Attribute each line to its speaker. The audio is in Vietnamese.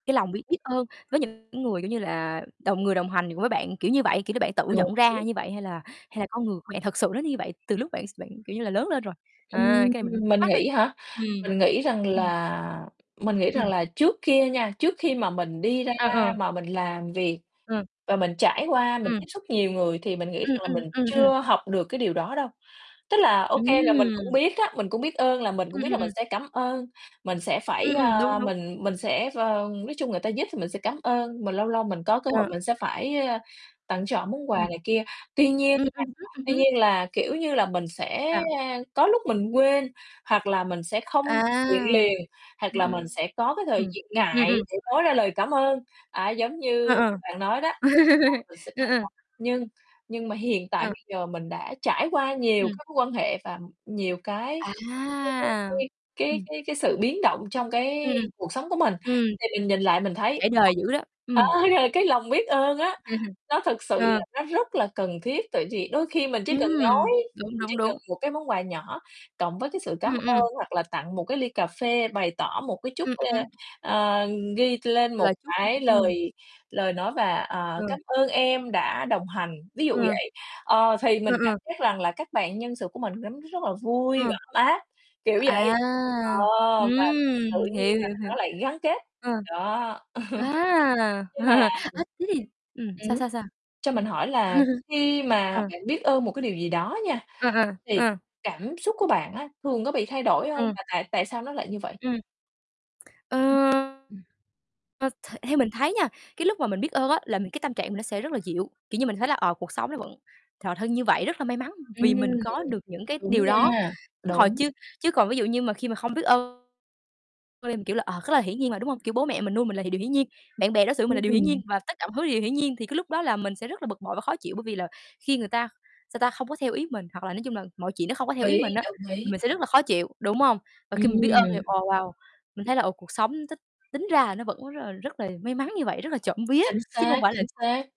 Speaker 1: Cái lòng biết biết ơn với những người, kiểu như là, đồng người đồng hành với bạn, kiểu như vậy, kiểu như là, bạn tự
Speaker 2: Đồng
Speaker 1: nhận
Speaker 2: ý.
Speaker 1: ra như vậy hay là hay là con người của bạn thật sự nó như vậy từ lúc bạn bạn, kiểu như là, lớn lên rồi? À,
Speaker 2: Ừm,
Speaker 1: cái này mình thắc
Speaker 2: mình
Speaker 1: mắc thôi.
Speaker 2: nghĩ hả,
Speaker 1: Ừm,
Speaker 2: mình nghĩ rằng
Speaker 1: ừm.
Speaker 2: là mình nghĩ rằng
Speaker 1: Ừm.
Speaker 2: là trước kia nha, trước khi mà mình đi ra
Speaker 1: Ờ, ờ.
Speaker 2: mà mình làm việc
Speaker 1: Ừ.
Speaker 2: và mình trải qua, mình
Speaker 1: Ừm.
Speaker 2: tiếp xúc nhiều người, thì mình nghĩ
Speaker 1: Ừm,
Speaker 2: rằng là
Speaker 1: ừm,
Speaker 2: mình
Speaker 1: ừm, ừm.
Speaker 2: chưa học được cái điều đó đâu. Tức là, ô kê, là mình cũng
Speaker 1: Ừm.
Speaker 2: biết á, mình cũng biết ơn là mình cũng
Speaker 1: Ừm,
Speaker 2: biết
Speaker 1: ừm,
Speaker 2: là mình
Speaker 1: ừm.
Speaker 2: sẽ cảm ơn, mình sẽ phải,
Speaker 1: Ừm, ừm, đúng,
Speaker 2: à,
Speaker 1: đúng.
Speaker 2: mình mình sẽ, ờ, nói chung người ta giúp thì mình sẽ cảm ơn, mình lâu lâu mình có cơ hội
Speaker 1: Ờ.
Speaker 2: mình sẽ phải, ơ, tặng, cho họ món quà
Speaker 1: Ừm.
Speaker 2: này kia. Tuy nhiên
Speaker 1: Ừm,
Speaker 2: nha,
Speaker 1: ừm hứm, ừm
Speaker 2: tuy
Speaker 1: hứm.
Speaker 2: nhiên là, kiểu như là, mình sẽ
Speaker 1: Sao?
Speaker 2: có lúc mình quên hoặc là mình sẽ không
Speaker 1: À,
Speaker 2: [unintelligible] liền, hoặc
Speaker 1: ừm,
Speaker 2: là mình
Speaker 1: ừm,
Speaker 2: sẽ có cái thời
Speaker 1: ừm.
Speaker 2: diện
Speaker 1: Ừm,
Speaker 2: ngại
Speaker 1: ừm.
Speaker 2: để nói ra lời cảm ơn, à, giống
Speaker 1: Ờ,
Speaker 2: như
Speaker 1: ờ.
Speaker 2: bạn nói đó.
Speaker 1: Ừ, ừ.
Speaker 2: [unintelligible] Nhưng nhưng mà hiện tại
Speaker 1: Ờ.
Speaker 2: bây giờ mình đã trải qua nhiều
Speaker 1: Ừm.
Speaker 2: cái mối quan hệ và nhiều cái cái
Speaker 1: À,
Speaker 2: cái cái cái
Speaker 1: ừm.
Speaker 2: cái cái sự biến động trong
Speaker 1: Ừ,
Speaker 2: cái
Speaker 1: ừm.
Speaker 2: cuộc sống của mình,
Speaker 1: Ừm,
Speaker 2: thì mình nhìn lại mình thấy,
Speaker 1: trải đời
Speaker 2: [unintelligible]
Speaker 1: dữ đó,
Speaker 2: ơ,
Speaker 1: ừm.
Speaker 2: ờ, cái lòng biết ơn á,
Speaker 1: Ừm hưm,
Speaker 2: nó thực sự
Speaker 1: ờ.
Speaker 2: là nó rất là cần thiết. Tại vì đôi khi mình chỉ cần
Speaker 1: Ừm,
Speaker 2: nói,
Speaker 1: đúng,
Speaker 2: mình chỉ
Speaker 1: đúng,
Speaker 2: cần
Speaker 1: đúng.
Speaker 2: một cái món quà nhỏ, cộng với cái sự cám
Speaker 1: Ừm, ừm.
Speaker 2: ơn hoặc là tặng một cái ly cà phê bày tỏ một cái chút
Speaker 1: Ừm,
Speaker 2: ơ,
Speaker 1: ừm.
Speaker 2: ơ, ghi lên một
Speaker 1: Là chút
Speaker 2: cái
Speaker 1: ừm.
Speaker 2: lời lời nói và,
Speaker 1: Ờ.
Speaker 2: "Ờ, cám ơn em đã đồng hành", ví dụ
Speaker 1: Ờ.
Speaker 2: vậy. Ờ, thì
Speaker 1: Ờ,
Speaker 2: mình cảm
Speaker 1: ờ.
Speaker 2: giác rằng là các bạn nhân sự của mình cảm thấy rất là vui
Speaker 1: Ờ.
Speaker 2: và ấm áp, kiểu
Speaker 1: À,
Speaker 2: vậy, ờ,
Speaker 1: ừm,
Speaker 2: và tự nhiên
Speaker 1: hiểu,
Speaker 2: là
Speaker 1: hiểu, hiểu.
Speaker 2: nó lại gắn kết,
Speaker 1: Ờ.
Speaker 2: đó.
Speaker 1: A,
Speaker 2: Nhưng mà ừm,
Speaker 1: ơ, thế thì ừm,
Speaker 2: ừm
Speaker 1: sao,
Speaker 2: hứm,
Speaker 1: sao, sao?
Speaker 2: cho mình hỏi là khi mà
Speaker 1: Ờ.
Speaker 2: bạn biết ơn một cái điều gì đó nha,
Speaker 1: À, à,
Speaker 2: thì
Speaker 1: à.
Speaker 2: cảm xúc của bạn á thường có bị thay đổi hông
Speaker 1: Ừm.
Speaker 2: và tại tại sao nó lại như vậy?
Speaker 1: Ừm. Ờ.
Speaker 2: Ừm, ừm.
Speaker 1: Ờ, th theo mình thấy nha, cái lúc mà mình biết ơn á, là mình cái tâm trạng mình nó sẽ rất là dịu, kiểu như, mình thấy là, ờ, cuộc sống nó vẫn th thân như vậy rất là may mắn vì
Speaker 2: Ừm,
Speaker 1: mình có được những cái
Speaker 2: đúng
Speaker 1: điều đó.
Speaker 2: nha,
Speaker 1: Họ
Speaker 2: đúng.
Speaker 1: chưa chứ còn ví dụ như mà khi mà không biết ơn cho nên mình kiểu là, ờ, rất là hiển nhiên mà, đúng hông? Kiểu, bố mẹ mình nuôi mình là điều hiển nhiên, bạn bè đối xử mình là
Speaker 2: Ưm,
Speaker 1: điều hiển nhiên
Speaker 2: ừm.
Speaker 1: và tất cả mọi thứ là điều hiển nhiên, thì cái lúc đó là mình sẽ rất là bực bội và khó chịu, bởi vì là khi người ta, sao ta, không có theo ý mình, hoặc là nói chung là mọi chuyện nó không có theo
Speaker 2: Đồng
Speaker 1: ý
Speaker 2: ý,
Speaker 1: mình á,
Speaker 2: đồng
Speaker 1: thì
Speaker 2: ý.
Speaker 1: mình sẽ rất là khó chịu, đúng hông? Và khi mình biết ơn thì,
Speaker 2: Ừm.
Speaker 1: ồ, wow, mình thấy là, ờ, cuộc sống tính tính ra nó vẫn rất là rất là may mắn như vậy, rất là trộm vía,
Speaker 2: Chính
Speaker 1: chứ hông
Speaker 2: xác,
Speaker 1: phải là
Speaker 2: chính xác.